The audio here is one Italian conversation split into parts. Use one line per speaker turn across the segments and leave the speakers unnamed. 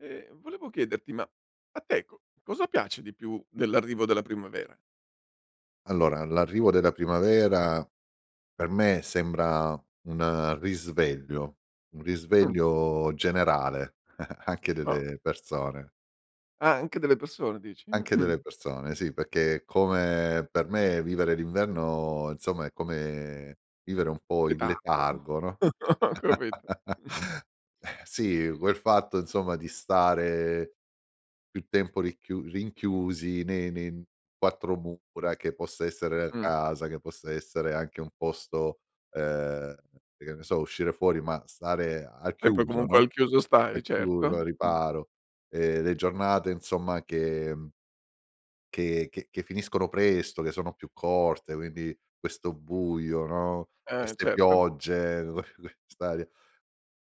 Ehm, volevo chiederti ma a te co cosa piace di più dell'arrivo della primavera?
Allora, l'arrivo della primavera per me sembra un risveglio, un
Mh.
risveglio generale anche
No.
delle persone.
Ah, anche delle persone dici?
Anche
Mh.
delle persone sì, perché come per me vivere l'inverno, insomma, è come vivere un po' in
Letargo?
letargo, no.
Ho capito.
Ehm, sì quel fatto insomma di stare più tempo ricchiu rinchiusi ne ne n 4 mura, che possa essere la
Mh.
casa che possa essere anche un posto ehm, e che ne so, uscire fuori ma stare al
E poi
chiuso,
comunque
no.
al chiuso
Al
stai,
chiuso,
certo.
al
Mh.
riparo, ehm, le giornate insomma che, mhmm che che che finiscono presto, che sono più corte, quindi questo buio, no,
Eh
queste
certo.
piogge, st'aria,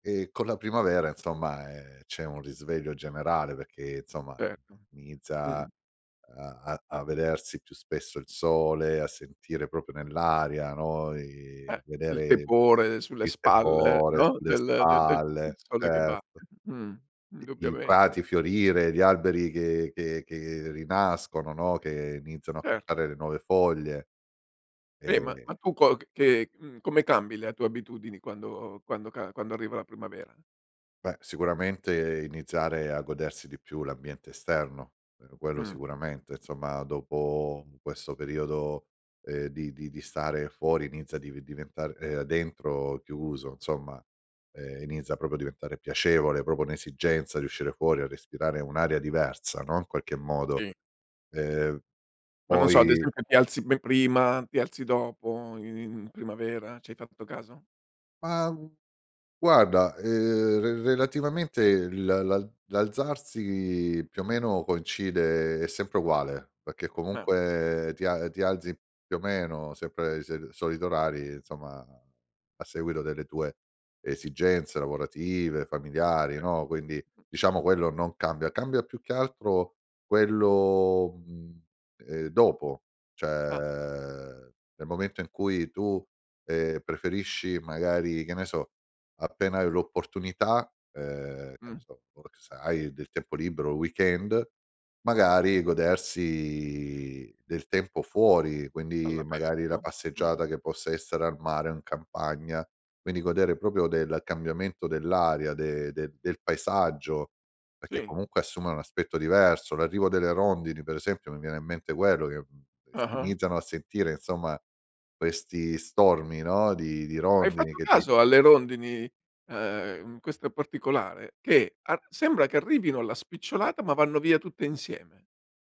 ehm, con la primavera insomma, ehm, c'è un risveglio generale perché, insomma
Certo,
inizia
Mh.
a a a vedersi più spesso il sole, a sentire proprio nell'aria, no,
Eh,
i
il
vedere
tepore sulle
il
spalle,
tepore
no,
sulle
del de del del
spalle
sole che
certo.
batte. Mh,
I i
indubbiamente.
prati fiorire, gli alberi che che che rinascono, no, che iniziano a
Cer
spuntare le nuove foglie,
Beh, ma
ehm
ma tu co c che mhmm, come cambi le a tue abitudini quando quando ca quando arriva la primavera?
Beh sicuramente iniziare a godersi di più l'ambiente esterno, meno quello
Mh.
sicuramente, insomma, dopo u questo periodo, ehm, di di di stare fuori inizia div diventare ehm, dentro chiuso insomma, ehm, inizia proprio a diventare piacevole, proprio un'esigenza di uscire fuori a respirare un'aria diversa no, in qualche modo,
Sì.
ehm,
Ma non so, ad
poi
esempio ti alzi be prima? Ti alzi dopo i in primavera? Ci hai fatto caso?
Ma, gu guarda, ehm, re relativamente l la l'alzarsi più o meno coincide è sempre uguale, perché
Ah okay.
comunque ti a ti alzi più o meno sempre sel solito orari insomma, a seguito delle tue esigenze lavorative, familiari,
Okay.
no, quindi diciamo quello non cambia. Cambia più che altro quello, mhmm, ehm, dopo
Ah.
cioè nel momento in cui tu, ehm, preferisci magari, che ne so, appena hai l'opportunità, ehm, che ne
Mh.
so, o se hai del tempo libero o il weekend magari, godersi del tempo fuori, quindi magari la
All'aperto, mh.
passeggiata che possa essere al mare o in campagna, quindi godere proprio del cambiamento dell'aria de de del paesaggio, perché
Sì.
comunque assume un aspetto diverso, l'arrivo delle rondini per esempio mi viene in mente quello che, mhmm, ehm, si
Ah-ah.
iniziano a sentire insomma questi stormi, no, di di
Hai
rondini
fatto
che ti
caso alle rondini, ehm, in questa particolare che ar sembra che arrivino alla spicciolata ma vanno via tutte insieme.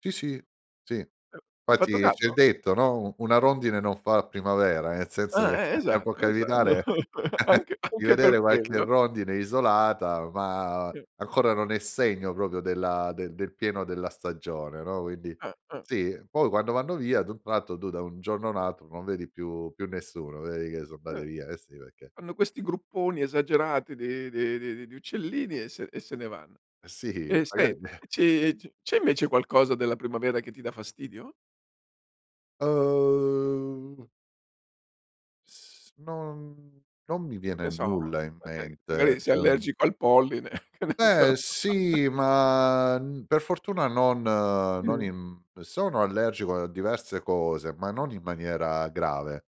Sì, sì, sì.
Ehm, hai fatto
Fatti c'è il
caso?
detto, no, "u una rondine non fa primavera" nel senso
Ah,
che
eh
eh, può
esatto, esa
capitare
anche
di
anche
vedere
per
qualche
quello.
rondine isolata ma
Eh.
ancora non è segno proprio della de del pieno della stagione, no, quindi
Ah, ah.
sì. Poi, quando vanno via ad un tratto, tu da un giorno a un altro, non vedi più più nessuno, vedi che so' andate
Eh.
via, eh sì, perché
Fanno questi grupponi esagerati di di di di di uccellini e se e se ne vanno.
Eh sì,
E
magari
senti ci c c'è invece qualcosa della primavera che ti dà fastidio?
Uhm S non non mi
Che
viene
ne so,
nulla in
magari
mente,
magari sei
cioè, mhmm
allergico al polline, che ne so.
Beh, sì, ma, n per fortuna non non
Mh.
in sono allergico a diverse cose, ma non in maniera grave,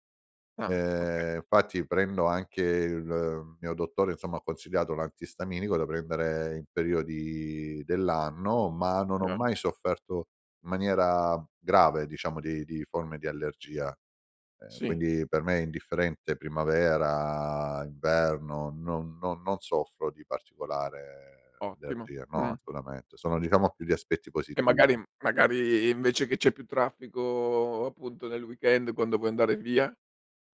Ah, okay.
ehm, infatti prendo anche il mio dottore, insomma, ha consigliato l'antistaminico da prendere in periodi dell'anno, ma non ho
[unintelligible]
mai sofferto in maniera grave, diciamo, di di forme di allergia, ehm,
Sì.
quindi per me è indifferente primavera, inverno, non no non soffro di particolare
Ottimo,
allergia, no,
mh.
assolutamente, sono diciamo più gli aspetti
Che
positivi.
magari magari invece che c'è più traffico, appunto, nel weekend quando vuoi andare via?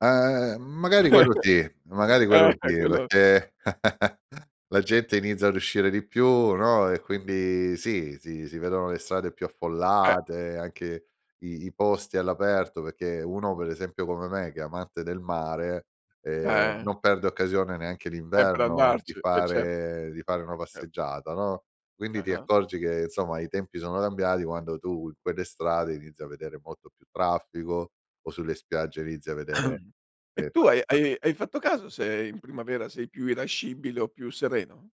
Ehm, magari quello sì, magari
Eh,
quello sì,
eh quello
perché la gente inizia ad uscire di più, no, e quindi, sì, si si vedono le strade più
Eh.
affollate, anche i i posti all'aperto perché, uno per esempio come me che è amante del mare, ehm,
Eh.
non perde occasione neanche
E per
d'inverno di
andarci, e cer eh
fare di fare una
cert
passeggiata, no, quindi ti
Ah-ah.
accorgi che insomma i tempi sono cambiati quando tu in quelle strade inizi a vedere molto più traffico o sulle spiagge inizi a vedere,
E
ehm,
tu hai hai
passeggiata
hai fatto caso se in primavera sei più irascibile o più sereno?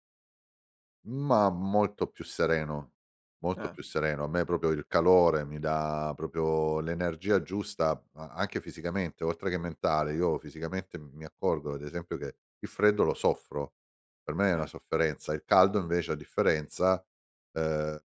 Ma molto più sereno, molto
Ah.
più sereno. A me proprio il calore mi dà proprio l'energia giusta a anche fisicamente oltre che mentale, io fisicamente m mi accorgo ad esempio che il freddo lo soffro, per me è una
Eh.
sofferenza. Il caldo invece a differenza, ehm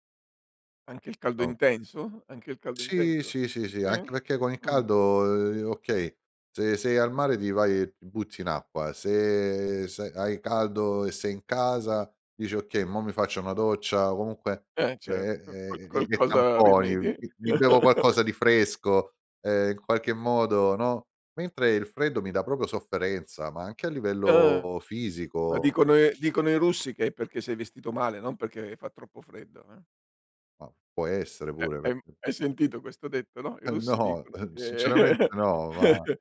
Anche il caldo
no
intenso? Anche il caldo
Sì,
intenso?
sì, sì,
Ah
sì, anche
sì?
perché con il
Mh.
caldo, ehm, okay, se sei al mare ti vai ti butti in acqua, se se hai caldo e sei in casa dici: "Okay, mo' mi faccio una doccia." O comunque
Eh
e
certo, qual
e e e
qualcosa
tamponi:
rimedi?
"Mi mi bevo qualcosa di fresco." Ehm, in qualche modo, no. Mentre il freddo mi dà proprio sofferenza, ma anche a
Ah,
livello
ma
fisico.
dicono e dicono i russi che è perché sei vestito male, non perché fa troppo freddo eh.
Ma, può essere
Eh,
pure,
ehm,
perch
hai sentito questo detto, no. I
Eh
russi
no,
dicono
uhm,
che
sinceramente no, va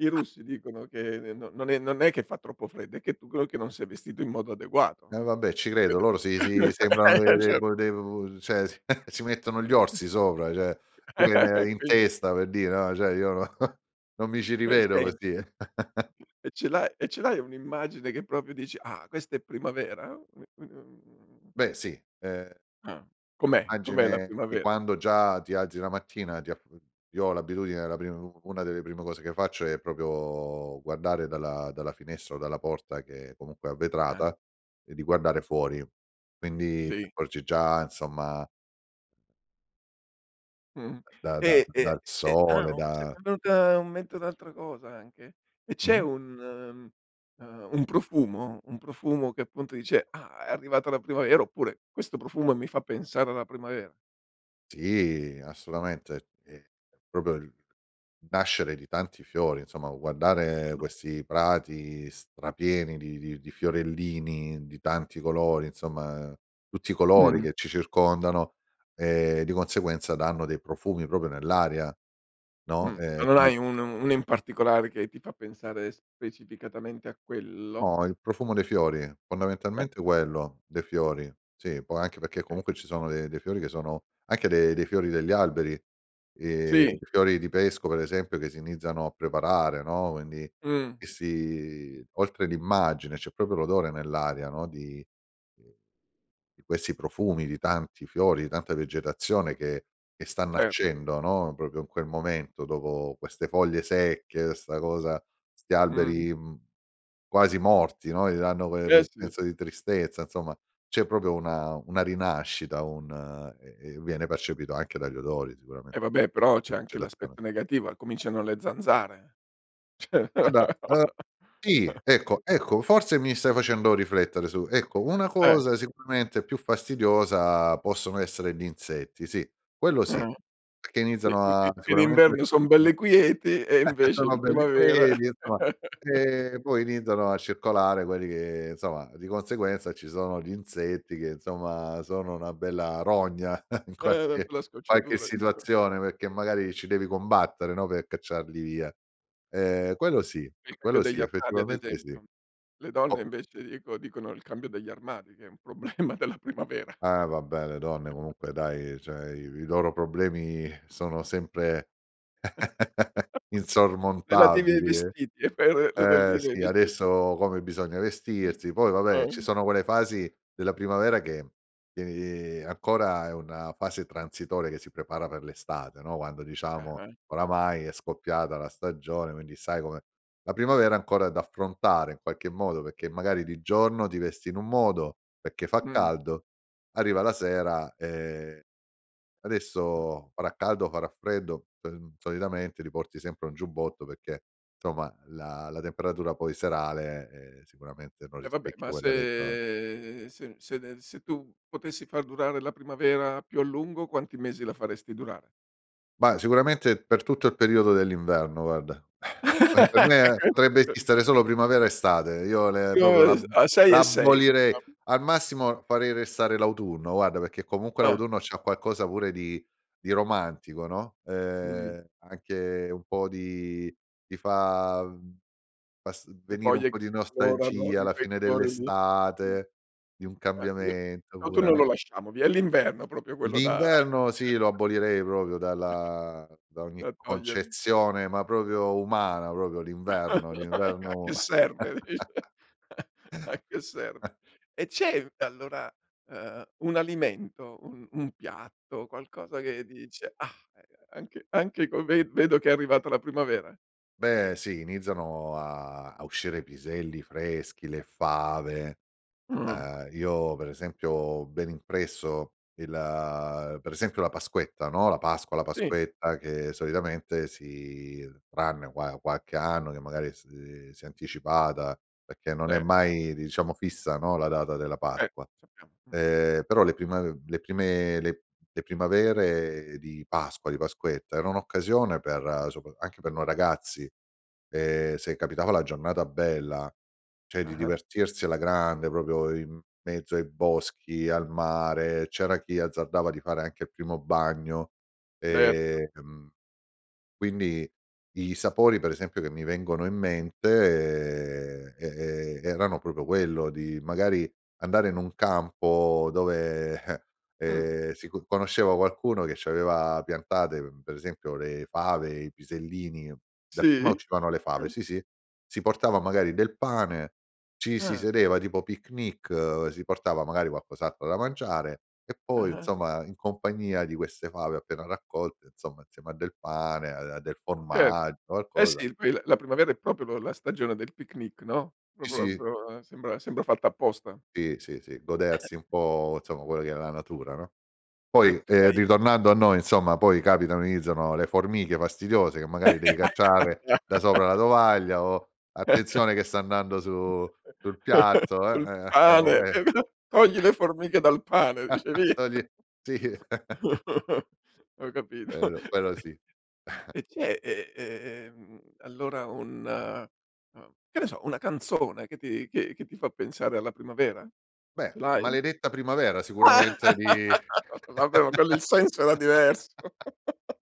i russi dicono che n n non è non è che fa troppo freddo è che tu ch che non sei vestito in modo adeguato,
E
no.
vabbè ci credo
[unintelligible]
loro si si sembrano
Hai
de de
ragio
bu de u cioè si si mettono gli orsi sopra cioè pure ne
E
in
quindi
testa per dire, no, cioè io no non mi ci
E
rivedo
sen
così.
e ce l'ha e ce l'hai un'immagine che proprio dici: "Ah questa è primavera?" mhmm
Beh sì, ehm
Ah, com'è? Com'è la
Immagine di
primavera?
quando già ti alzi la mattina ti af uhm, io ho l'abitudine la pri u una delle prime cose che faccio è proprio guardare dalla dalla finestra o dalla porta, che comunque è a
Ah.
vetrata, ehm, di guardare fuori quindi ti
Sì.
accorgi già insomma
Mh,
da da
e e
dal
e Ah,
sole,
uhm, s
da
m'è venuta un mente un'altra cosa anche, e c'è
Mh-mh.
un uhm, un profumo, un profumo che appunto dice: "Ah, è arrivata la primavera." Oppure: "Questo profumo mi fa pensare alla primavera"?
Sì, assolutamente, è è proprio il nascere di tanti fiori, insomma guardare
[unintelligible]
questi prati strapieni di di di fiorellini, di tanti colori, insomma tutti i colori
Mh-mh.
che ci circondano, ehm, di conseguenza danno dei profumi proprio nell'aria, no,
Mh.
ehm, è
Ma non
più
hai un u uno in particolare che ti fa pensare specificatamente a quello?
No, il profumo dei fiori,
Eh.
fondamentalmente quello, dei fiori sì, poi anche perché
Okay.
comunque ci sono de dei fiori che sono anche de dei fiori degli alberi, ehm,
Sì.
i fiori di pesco per esempio che si iniziano a preparare no, quindi,
Mh.
che si oltre l'immagine c'è proprio l'odore nell'aria no, di di questi profumi, di tanti fiori, di tanta vegetazione che che sta
Cer
nascendo, no, proprio in quel momento dopo queste foglie secche, 'sta cosa 'sti
Mh-mh.
alberi, mhmm, quasi morti, no, gli danno que
Eh
quel
sì.
senso di tristezza insomma, c'è proprio una una rinascita, un e e viene percepito anche dagli odori sicuramen
Eh vabbè però
la
c'è anche
vegetazione
l'aspetto negativa, cominciano le zanzare, cioè,
Guarda,
o
uhm,
no?
sì, ecco, ecco, forse mi stai facendo riflettere su ecco, una
Eh.
cosa sicuramente più fastidiosa possono essere gli insetti, sì, quello sì,
Ah-ah.
perché
I
iniziano
i
a
i in
sicuramente
inverno son belle quieti e invece
sono
in
belli,
primavera.
poi di insomma, ehm, e poi iniziano a circolare quelli che insomma di conseguenza ci sono gli insetti che insomma sono una bella rogna in
Eh una
qualche
bella
qualche
scocciatura.
situazione perché magari ci devi combattere no, pe' cacciarli via. Ehm, quello sì
Il cambio
quello sì
degli armadi ad
effettivamente sì.
esempio, le donne
Op
invece ico dicono il cambio degli armadi che è un problema della primavera.
Eh vabbè le donne comunque dai, cioè i i loro problemi sono sempre
Relativi ai
insormontabili eh.
vestiti e per
Eh
relative ai
sì
vesti
adesso come bisogna vestirsi, poi vabbè ci
Eh.
sono quelle fasi della primavera che, tieni ancora è una fase transitoria che si prepara per l'estate, no, quando diciamo
Ah-ah.
oramai è scoppiata la stagione quindi sai com'è. La primavera è ancora da affrontare in qualche modo perché magari di giorno ti vesti in un modo, perché fa
Mh.
caldo, arriva la sera, ehm,
Ah-ah.
adesso farà caldo, farà freddo? Sol mhmm, solitamente ti porti sempre un giubbotto perché somma la la temperatura poi serale, ehm, sicuramente non
Eh vabbé, ma
rispecchia quella del gior
se se se nel se tu potessi far durare la primavera più a lungo quanti mesi la faresti durare?
Ma sicuramente per tutto il periodo dell'inverno guarda. Per me potrebbe esistere solo primavera estate. Io le proprio l'ab
[unintelligible] Ah, 6 e 6
l'abolirei
faccia
al massimo farei restare l'autunno guarda perché comunque
Ah.
l'autunno c'ha qualcosa pure di di romantico, no,
Mh.
ehm, anche un po' di ti fa, mhmm, pass uhm,
Le
venire un
foglie
po'
che
di
colorano
nostalgia,
di
la
quei
fine
colori lì.
dell'estate, di un
Eh, qui l
cambiamento pure,
l'autunno
no.
lo lasciamo via, è l'inverno proprio quello da
L'inverno sì lo abolirei proprio dalla da ogni
da togliere.
concezione ma proprio umana, proprio l'inverno.
A
L'inverno
che serve, dice. A che serve? E c'è allora, ehm, un alimento, un un piatto, qualcosa che dice: "Ah, ehm, anche anche con ve vedo che è arrivata la primavera"?
Beh sì iniziano a a uscire i piselli freschi, le fave.
Mh-mh.
Ehm, io per esempio ho ben impresso il uhm, per esempio la Pasquetta, no, la Pasqua, la
Sì.
Pasquetta che solitamente si tranne qua qualche anno che magari s uhm, si è anticipata perché non è
Ce
mai diciamo fissa no, la data della Pasqua,
Ecco, c'abbiamo mh.
ehm, però le prima uhm, le prime le le primavere di Pasqua, di Pasquetta, era un'occasione per sopra anche per noi ragazzi, ehm, se capitava la giornata bella, cioè di
Ah-ah.
divertirsi alla grande, proprio in mezzo ai boschi, al mare, c'era chi azzardava di fare anche il primo bagno.
Cer
Ehm, quindi i sapori per esempio che mi vengono in mente, ehm, e e erano proprio quello, di magari andare in un campo dove, eh,
Mh.
ehm, si co conosceva qualcuno che c'aveva piantate per esempio le fave, i pisellini, dapprima
Sì?
uscivano le fave,
Ah.
sì, sì, si portava magari del pane, ci si
Ah.
sedeva tipo picnic, si portava magari qualcos'altro da mangiare e poi
Ah-ah.
insomma in compagnia di queste fave appena raccolte, insomma insieme a del pane, a de a del
Cer
formaggio,
Eh
qualcosa
sì poi la la primavera è proprio lo la stagione del picnic, no, pro
Sì,
pro
sì.
pro sembra sembra fatto apposta.
Sì, sì, sì godersi un po' insomma quello che è la natura, no.
E
Poi
tu
ehm,
hai
ritornando a noi insomma poi capitano, iniziano le formiche fastidiose che magari devi
Ah
cacciare
già.
da sopra la tovaglia o: "Attenzione che sta andando su sul piatto." Ehm,
Sul
ehm, eh, o
pane,
que eh.
[unintelligible] togli le formiche dal pane dice: "Vi"
Togli sì.
Ho capito
Quello- quello sì.
e c'è e e ehm, allora un uhm, che ne so, una canzone che ti che che ti fa pensare alla primavera?
Beh
Ce l'hai?
"Maledetta primavera"
Ah,
sicuramente di
vabbè ma quello, il senso era diverso.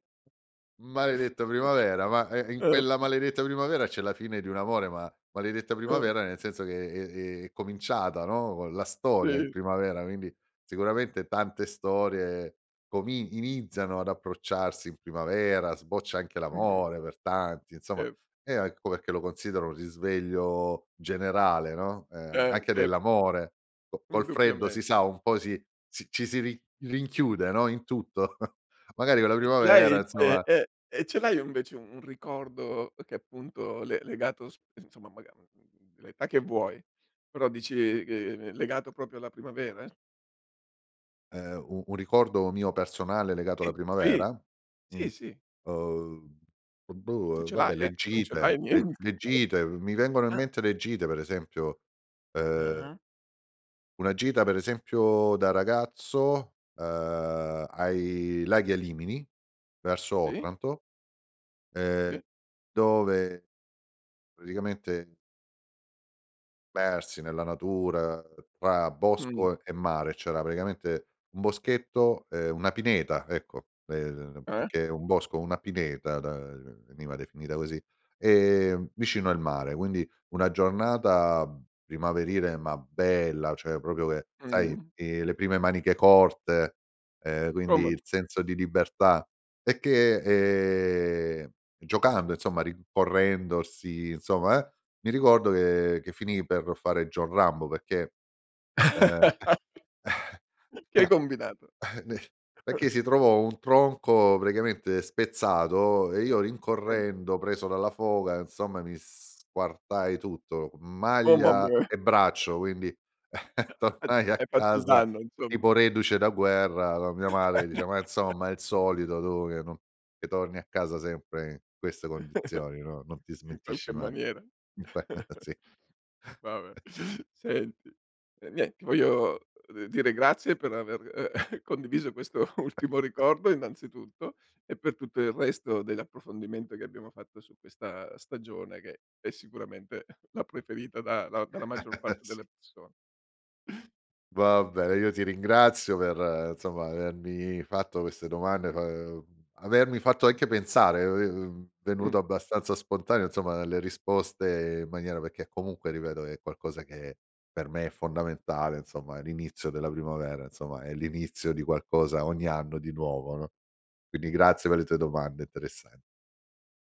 maledetta primavera ma, ehm, in
Eh.
quella maledetta primavera c'è la fine di un amore ma, maledetta
Eh.
primavera nel senso che, è è è cominciata, no, co la storia in
Sì.
primavera quindi sicuramente tante storie comin iniziano ad approcciarsi in primavera, sboccia anche
Mh-mh.
l'amore per tanti, insomma,
E
e a ecco perché lo considero un risveglio generale, no, ehm, a
Ce
anche
certo.
dell'amore. Co col freddo si
Indubbiamen
sa un po' si si ci si ri rinchiude, no, in tutto. Magari con la
E ce l'hai
primavera,
c'è
insomma
eh, e ce l'hai invece un un ricordo che, appunto, le legato sp insomma maga mhmm, l'età che vuoi però dici ch legato proprio alla primavera?
Ehm, u un ricordo mio personale legato alla
Sì, sì.
primavera? Mh,
Sì, sì.
uhm, uhm,
Se
boh, uhm,
ce
vabbè
l'hai eh,
le
se non ce
gite,
l'hai nien
le le gite mi vengono in
Ah!
mente le gite per esempio, ehm
Ah-ah.
una gita per esempio da ragazzo, ehm, ai laghi Alimini verso
Sì.
Otranto, ehm,
Sì.
dove praticamente persi nella natura tra
Mh.
bosco e mare. C'era praticamente un boschetto ehm, una pineta ecco, ehm, più
Eh.
che un bosco, una pineta da veniva definita così, ehm, vicino al mare quindi, una giornata primaverile ma bella cioè, proprio che sai,
Mh-mh.
che le prime maniche corte, ehm, quindi
Come
il senso di libertà e che, ehm, giocando insomma rincorrendosi, insomma eh, mi ricordo che che finì per fare John Rambo perché ehm,
Che hai combinato?
n perché si trovò un tronco praticamente spezzato e io
[unintelligible]
rincorrendo, preso dalla foga, insomma mi squartai tutto,
Oh mamm
maglia
eh.
e braccio quindi
Ad
tornai a
hai fatto il
casa
danno insomma.
tipo reduce da guerra con mia madre che diceva: "Ma insomma, il solito tu che non che torni a casa sempre in queste condizioni, no non ti
In qualche
smentisci mai."
maniera.
Sì.
Va beh, senti, ehm, nien ti voglio, uhm, dire grazie per aver, ehm, condiviso questo ultimo ricordo innanzitutto e per tutto il resto dell'approfondimento che abbiamo fatto su questa stagione, che è sicuramente la preferita da da dalla maggior parte
Sì.
delle persone.
Va bene, io ti ringrazio per, insomma, avermi fatto queste domande, fa ehm, avermi fatto anche pensare è è, ehm,
Mh.
venuto abbastanza spontaneo insomma dalle risposte in maniera perché comunque ripeto è qualcosa che per me è fondamentale, insomma, l'inizio della primavera, insomma, è l'inizio di qualcosa ogni anno di nuovo, no, quindi grazie per le tue domande interessan